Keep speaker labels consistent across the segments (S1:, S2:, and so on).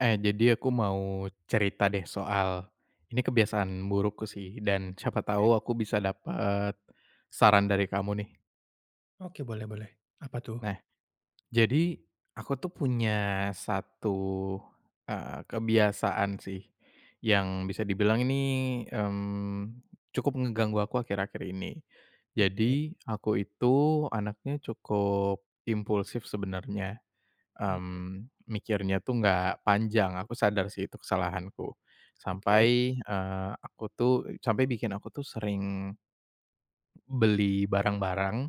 S1: Eh, jadi aku mau cerita deh soal, ini kebiasaan burukku sih dan siapa
S2: Oke.
S1: tahu aku bisa dapat, saran dari kamu nih.
S2: Oke boleh boleh, apa tuh?
S1: Nah, jadi aku tuh punya 1, eee, kebiasaan sih, yang bisa dibilang ini, mmm, cukup ngeganggu aku akhir-akhir ini,
S2: Oke.
S1: jadi aku itu anaknya cukup, impulsif sebenarnya,
S2: Mhm.
S1: mmm, mikirnya tuh nggak panjang, aku sadar sih itu kesalahanku,
S2: Oke.
S1: sampai, eee, aku tuh sampai bikin aku tuh sering beli barang-barang,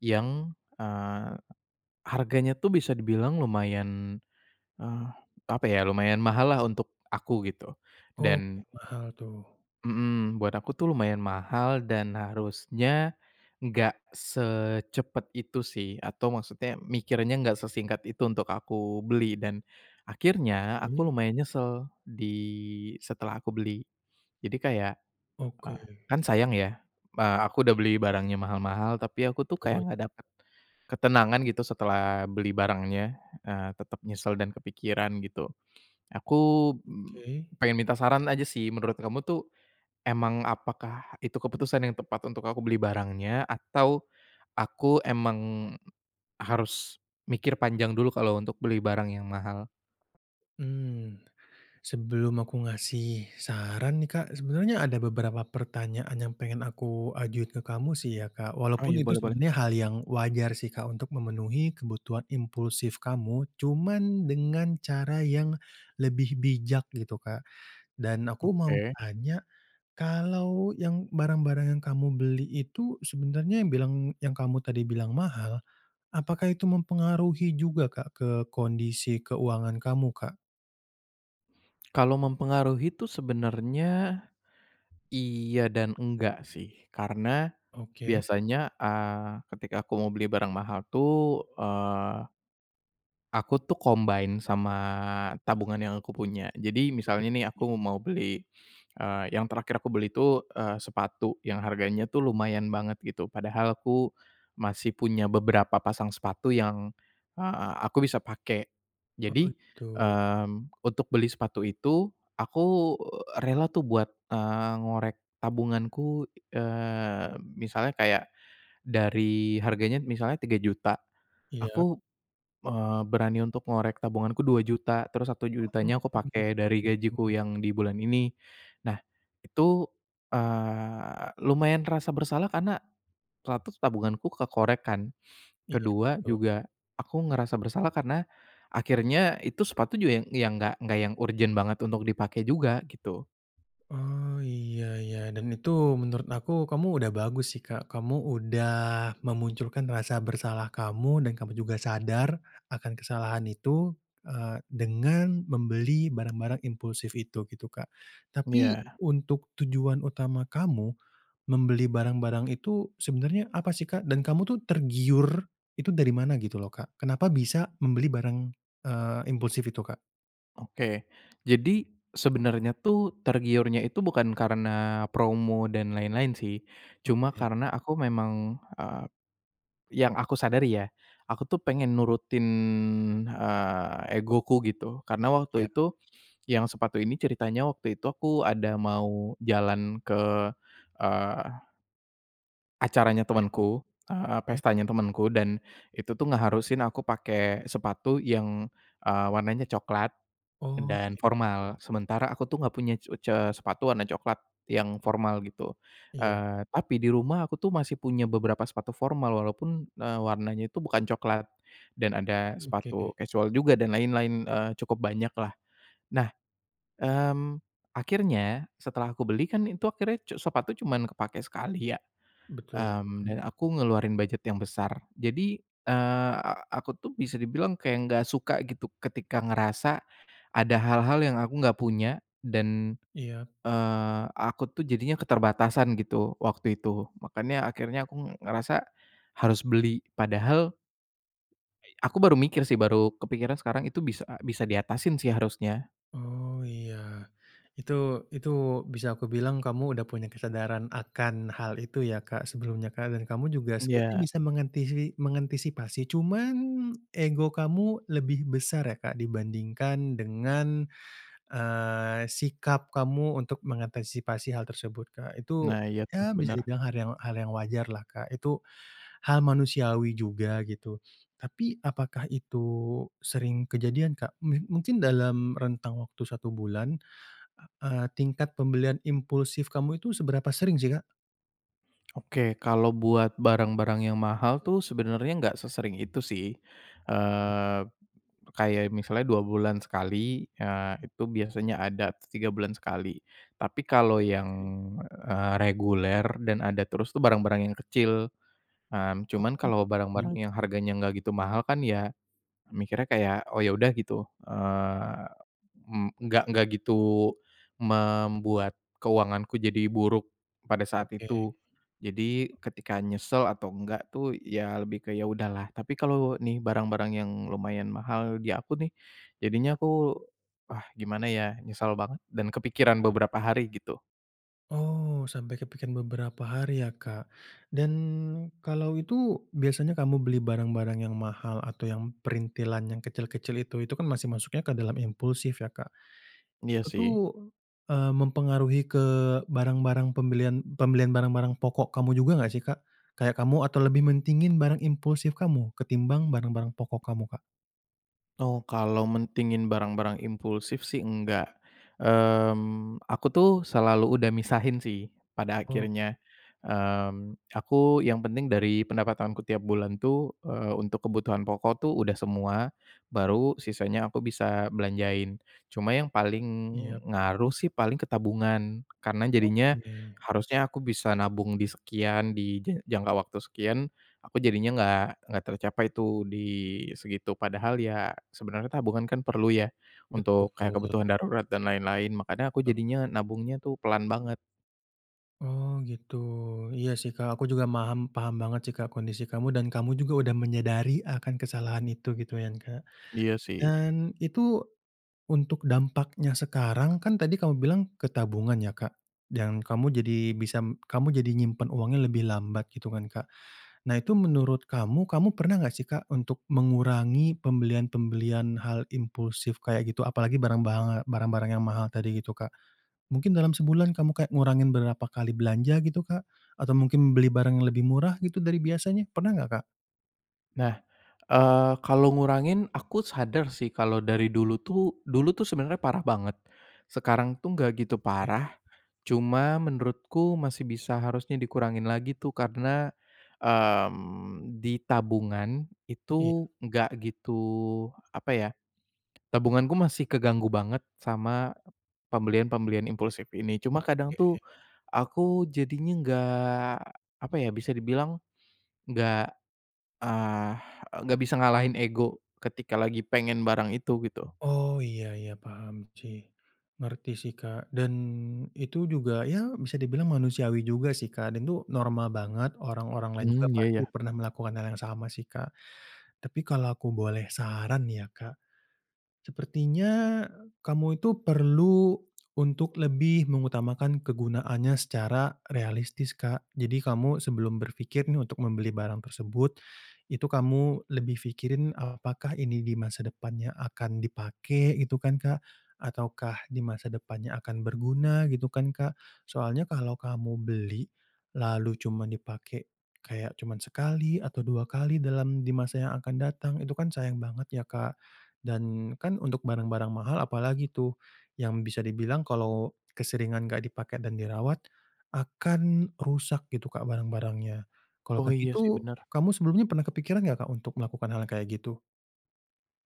S1: yang, eee, harganya tuh bisa dibilang lumayan, eee, apa ya lumayan mahal lah untuk aku gitu
S2: Oke,
S1: dan
S2: mahal tuh.
S1: Mhm, buat aku tuh lumayan mahal dan harusnya, nggak secepat itu sih atau maksudnya mikirnya nggak sesingkat itu untuk aku beli dan, akhirnya aku
S2: Oke.
S1: lumayan nyesel di setelah aku beli, jadi kayak, eee,
S2: Oke.
S1: kan sayang ya, a aku udah beli barangnya mahal-mahal tapi aku tuh kayak nggak
S2: [unintelligible]
S1: dapat, ketenangan gitu setelah beli barangnya, eee, tetap nyesel dan kepikiran gitu, aku,
S2: Oke.
S1: pengen minta saran aja sih menurut kamu tuh, emang apakah itu keputusan yang tepat untuk aku beli barangnya atau, aku emang, harus mikir panjang dulu kalau untuk beli barang yang mahal?
S2: Mmm, sebelum aku ngasih saran nih Kak, sebenarnya ada beberapa pertanyaan yang pengen aku ajuin ke kamu sih ya Kak
S1: Oh,
S2: walaupun
S1: iya
S2: itu
S1: boleh-boleh.
S2: sebenarnya hal yang wajar sih Kak untuk memenuhi kebutuhan impulsif kamu, cuman dengan cara yang lebih bijak gitu Kak dan aku mau
S1: Oke.
S2: tanya, kalau yang barang-barang yang kamu beli itu sebenarnya yang bilang yang kamu tadi bilang mahal, apakah itu mempengaruhi juga Kak ke kondisi keuangan kamu, Kak?
S1: Kalau mempengaruhi tuh sebenarnya iya dan enggak sih karena
S2: Oke.
S1: biasanya, eee, ketika aku mau beli barang mahal tuh, eee aku tuh combine sama tabungan yang aku punya. Jadi,
S2: Oke
S1: misalnya nih
S2: menarik nih.
S1: aku mau beli, eee yang terakhir aku beli itu, eee, sepatu yang harganya tuh lumayan banget gitu padahal aku masih punya beberapa pasang sepatu yang, eee, aku bisa pakai.
S2: Oh,
S1: Jadi,
S2: gitu.
S1: mmm, untuk beli sepatu itu, aku, rela tuh buat, eee, ngorek tabunganku, eee, misalnya kayak dari harganya misalnya Rp3.000.000,
S2: Iya.
S1: aku, eee, berani untuk ngorek tabunganku Rp2.000.000, terus satu
S2: Oh,
S1: jutanya aku pakai
S2: begitu.
S1: dari gajiku yang di bulan ini. Nah, itu, eee, lumayan terasa bersalah karena, 1, tabunganku kekoreh kan,
S2: Iya,
S1: ke-2
S2: betul.
S1: juga aku ngerasa bersalah karena akhirnya itu sepatu juga yang yang enggak enggak yang urgen banget untuk dipakai juga gitu.
S2: Oh, iya iya dan itu menurut aku, kamu udah bagus sih Kak. Kamu udah memunculkan rasa bersalah kamu dan kamu juga sadar akan kesalahan itu, eee, dengan membeli barang-barang impulsif itu gitu Kak, tapi
S1: Iya.
S2: untuk tujuan utama kamu membeli barang-barang itu sebenarnya apa sih, Kak? Dan kamu itu tergiur itu dari mana gitu loh, Kak? Kenapa bisa membeli barang, eee, impulsif itu, Kak?
S1: Oke. Jadi sebenarnya tuh tergiurnya itu bukan karena promo dan lain-lain sih, cuma
S2: Oke.
S1: karena aku memang, eee yang aku sadari ya, aku tuh pengen nurutin, eee, egoku gitu karena waktu
S2: Iya.
S1: itu yang sepatu ini ceritanya waktu itu aku ada mau jalan ke, eee acaranya
S2: [unintelligible]
S1: temenku, eee,
S2: oke.
S1: pestanya temenku dan itu tuh ngeharusin aku pakai sepatu yang, eee, warnanya cokelat,
S2: Oh,
S1: dan
S2: begitu.
S1: formal, sementara aku tuh enggak punya c e ce sepatu warna cokelat yang formal gitu,
S2: Iya.
S1: eee, tapi di rumah aku tuh masih punya beberapa sepatu formal, walaupun, eee, warnanya itu bukan cokelat dan ada sepatu
S2: Oke.
S1: kasual juga dan lain-lain, eee, cukup banyaklah. Nah, mmm, akhirnya setelah aku beli kan itu akhirnya cu sepatu cuman kepakai sekali ya,
S2: Betul.
S1: mmm, dan
S2: Hmm.
S1: aku ngeluarin bujet yang besar. Jadi, eee, a aku tuh bisa dibilang kayak enggak suka gitu ketika ngerasa ada hal-hal yang aku gak punya dan,
S2: Iya.
S1: eee, aku tuh jadinya keterbatasan gitu, waktu itu, makanya akhirnya aku ng ngerasa harus beli padahal aku baru mikir sih baru kepikiran sekarang itu bisa a bisa diatasin sih harusnya.
S2: Oh, iya. Itu itu bisa aku bilang kamu sudah punya kesadaran akan hal itu ya Kak sebelumnya Kak, dan kamu juga sebenarnya
S1: Iya.
S2: bisa mengantisi mengantisipasi, cuman ego kamu lebih besar ya Kak dibandingkan dengan, eee, sikap kamu untuk mengantisipasi hal tersebut Kak. Itu,
S1: Nah, iya tuh
S2: ya bisa
S1: benar.
S2: dibilang har yang hal yang wajarlah Kak, itu hal manusiawi juga gitu, tapi apakah itu sering kejadian Kak? Meh mungkin dalam rentang waktu 1 bulan, eee, tingkat pembelian impulsif kamu itu seberapa sering sih, Kak?
S1: Oke. Kalau buat barang-barang yang mahal tuh sebenarnya enggak sesering itu sih, eee, kayak misalnya 2 bulan sekali, eee, itu biasanya ada atau 3 bulan sekali, tapi kalau yang,
S2: Hmm.
S1: eee, reguler dan ada terus tuh barang-barang yang kecil, mmm, cuman
S2: Oh,
S1: kalau barang-barang
S2: beli
S1: yang
S2: juga.
S1: harganya enggak gitu mahal kan ya mikirnya kayak, "Oh, ya udah." Gitu, eee, mmm, enggak enggak gitu membuat keuanganku jadi buruk pada saat
S2: Oke.
S1: itu. Jadi, ketika nyesel atau enggak tuh, ya lebih ke, "Ya udahlah," tapi kalau nih barang-barang yang lumayan mahal di aku nih,
S2: Iya.
S1: jadinya aku, "Ah, gimana, ya?" Nyesel banget dan kepikiran beberapa hari gitu.
S2: Oh, sampai ke pikiran beberapa hari ya Kak dan kalau itu biasanya kamu beli barang-barang yang mahal atau yang printilan yang kecil-kecil itu, itu kan masih masuknya ke dalam impulsif ya Kak,
S1: Iya
S2: itu tuh,
S1: sih.
S2: eee, mempengaruhi ke barang-barang pembelian pembelian barang-barang pokok kamu juga enggak sih, Kak? Kayak kamu atau lebih mentingin barang impulsif kamu ketimbang barang-barang pokok kamu Kak?
S1: Oh, kalau mentingin barang-barang impulsif sih enggak, mmm, aku tuh selalu udah misahin sih pada
S2: Oke.
S1: akhirnya, mmm, aku yang penting dari pendapatanku tiap bulan tuh, eee, untuk kebutuhan pokok tuh udah semua, baru sisanya aku bisa belanjain. Cuma yang paling
S2: Iya.
S1: ngaruh sih paling ke tabungan karena jadinya
S2: Oke.
S1: harusnya aku bisa nabung di sekian, di je jangka waktu sekian, aku jadinya enggak enggak tercapai tuh di segitu. Padahal ya sebenarnya tabungan kan perlu ya
S2: Betul.
S1: untuk kayak kebutuhan darurat dan lain-lain makanya aku
S2: Banget.
S1: jadinya nabungnya tuh pelan banget.
S2: Oh gitu. Iya sih Kak. Aku juga maham paham banget sih Kak kondisi kamu dan kamu juga udah menyadari akan kesalahan itu gitu kan Kak,
S1: Iya sih.
S2: dan itu untuk dampaknya sekarang, kan tadi kamu bilang ke tabungan ya Kak dan kamu jadi bisa m kamu jadi nyimpen uangnya lebih lambat gitu kan Kak. Nah, itu menurut kamu, kamu pernah enggak sih Kak untuk mengurangi pembelian-pemblian hal impulsif kayak, gitu? Apalagi barang banga barang-barang yang mahal tadi gitu Kak. Mungkin dalam sebulan kamu kayak ngurangin berapa kali belanja gitu, Kak? Atau mungkin beli barang yang lebih murah gitu dari biasanya? Pernah enggak, Kak?
S1: Nah, eee, kalau ngurangin, aku sadar sih kalau dari dulu tuh dulu tuh sebenarnya parah banget, sekarang tuh enggak gitu
S2: Oke.
S1: parah. Cuma menurutku masih bisa harusnya dikurangin lagi tuh karena, mmm, di tabungan
S2: Iya.
S1: itu enggak gitu, apa ya, tabunganku masih keganggu banget sama pembelian-pembelian impulsif ini. Cuma kadang
S2: Oke.
S1: tuh aku jadinya enggak, apa ya, bisa dibilang enggak, ah, enggak bisa ngalahin ego ketika lagi pengen barang itu gitu.
S2: Oh, iya iya paham cih. Ngerti sih Kak dan itu juga, ya bisa dibilang manusiawi juga sih Kak dan itu normal banget, orang-orang lain juga
S1: Mmm, iya
S2: pasti
S1: iya.
S2: pernah melakukan hal yang sama sih Kak, tapi kalau aku boleh saran nih ya Kak, sepertinya kamu itu perlu untuk lebih mengutamakan kegunaannya secara realistis Kak. Jadi, kamu sebelum berfikir nih untuk membeli barang tersebut, itu kamu lebih fikirin, "Apakah ini di masa depannya akan dipakai?" Gitu kan Kak ataukah, "di masa depannya akan berguna?" Gitu kan Kak. Soalnya kalau kamu beli lalu cuman dipakai kayak cuma sekali atau dua kali dalam di masa yang akan datang, itu kan sayang banget ya Kak dan kan untuk barang-barang mahal apalagi tuh, yang bisa dibilang kalau keseringan enggak dipake dan dirawat akan rusak gitu kak barang-barangnya. Kalau
S1: Oh,
S2: kayak
S1: iya sih
S2: gitu,
S1: benar.
S2: kamu sebelumnya pernah kepikiran enggak Kak untuk melakukan hal yang kayak gitu?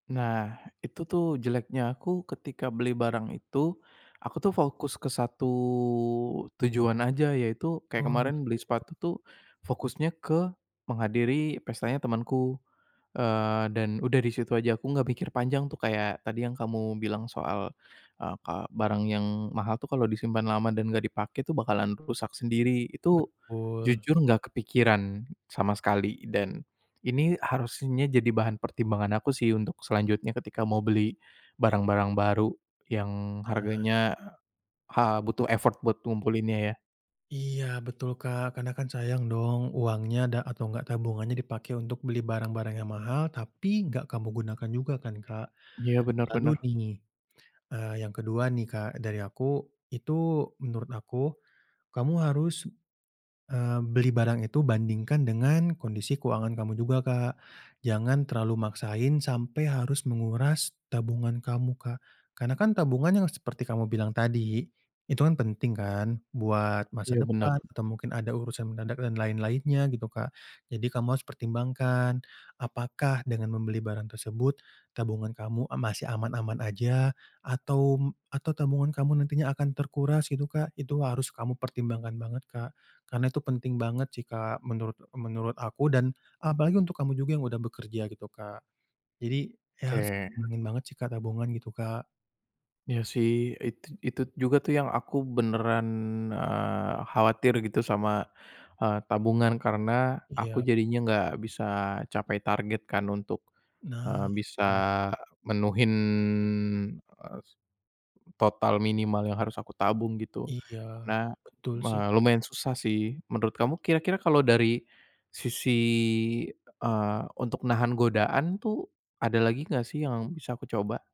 S1: Nah, itu tuh jeleknya aku. Ketika beli barang itu, aku tuh fokus ke 1 tujuan aja, yaitu kayak
S2: Oh,
S1: kemarin beli
S2: gitu.
S1: sepatu tuh fokusnya ke menghadiri pestanya temanku, eee, dan udah di situ aja, aku enggak mikir panjang tuh kayak tadi yang kamu bilang soal, eee, ka barang yang mahal tuh kalau disimpan lama dan enggak dipakai tuh bakalan rusak sendiri. Itu
S2: Betul.
S1: jujur enggak kepikiran sama sekali dan ini harusnya jadi bahan pertimbangan aku sih untuk selanjutnya ketika mau beli barang-barang baru yang
S2: Benar.
S1: harganya, eee, ha butuh effort buat kumpulinnya, ya.
S2: Iya betul Kak karena kan sayang dong uangnya da atau enggak tabungannya dipakai untuk beli barang-barang yang mahal, tapi enggak kamu gunakan juga kan Kak.
S1: Iya benar
S2: Lalu
S1: benar.
S2: nih, eee, yang ke-2 nih Kak, dari aku, itu menurut aku, kamu harus, eee, beli barang itu bandingkan dengan kondisi keuangan kamu juga Kak. Jangan terlalu maksain sampai harus menguras tabungan kamu Kak, karena kan tabungan yang seperti kamu bilang tadi, itu kan penting kan buat masa
S1: Iya benar.
S2: depan atau mungkin ada urusan mendadak dan lain-lainnya gitu Kak. Jadi, kamu harus pertimbangkan. Apakah dengan membeli barang tersebut tabungan kamu a masih aman-aman aja atau m atau tabungan kamu nantinya akan terkuras gitu Kak, itu harus kamu pertimbangkan banget Kak, karna itu penting banget sih Kak menurut menurut aku dan apalagi untuk kamu juga yang udah bekerja gitu Kak. Jadi, iya harus
S1: Oke.
S2: dingin banget sih Kak tabungan gitu Kak.
S1: Iya sih. Itu itu juga tuh yang aku beneran, eee, khawatir gitu sama, eee, tabungan karena aku
S2: Iya.
S1: jadinya enggak bisa capai target kan untuk, eee,
S2: Nah,
S1: bisa
S2: benar.
S1: menuhin, eh s total minimal yang harus aku tabung gitu,
S2: Iya,
S1: karena
S2: betul
S1: me
S2: sih.
S1: lumayan susah sih. Menurut kamu, kira-kira kalau dari sisi, eee, untuk nahan godaan tuh ada lagi enggak sih yang bisa aku coba?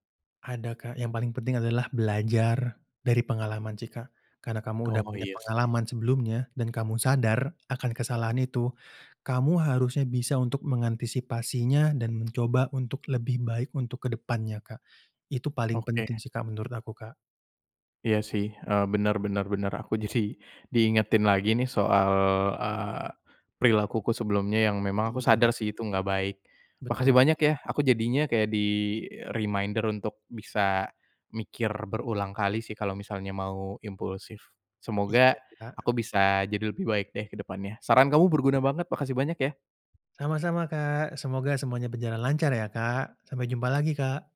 S2: Ada Kak. Yang paling penting adalah belajar dari pengalaman sih Kak karena kamu sudah
S1: Oh,
S2: punya
S1: iya sih.
S2: pengalaman sebelumnya dan kamu sadar akan kesalahan itu, kamu harusnya bisa untuk mengantisipasinya dan mencoba untuk lebih baik untuk ke depannya Kak. Itu paling
S1: Oke.
S2: penting sih Kak, menurut aku Kak.
S1: Iya sih. Eee, benar benar benar. Aku jadi diingetin lagi nih soal, eee, perilakuku sebelumnya yang memang aku
S2: Iya.
S1: sadar sih itu enggak baik. Makasih
S2: Betul.
S1: banyak ya. Aku jadinya kayak di-reminder untuk bisa mikir berulang kali sih kalau misalnya mau impulsif. Semoga
S2: Iya Kak.
S1: aku bisa jadi lebih baik deh ke depannya. Saran kamu berguna
S2: Iya.
S1: banget. Makasih banyak ya.
S2: Sama-sama Kak. Semoga semuanya berjalan lancar ya Kak. Sampai jumpa lagi Kak.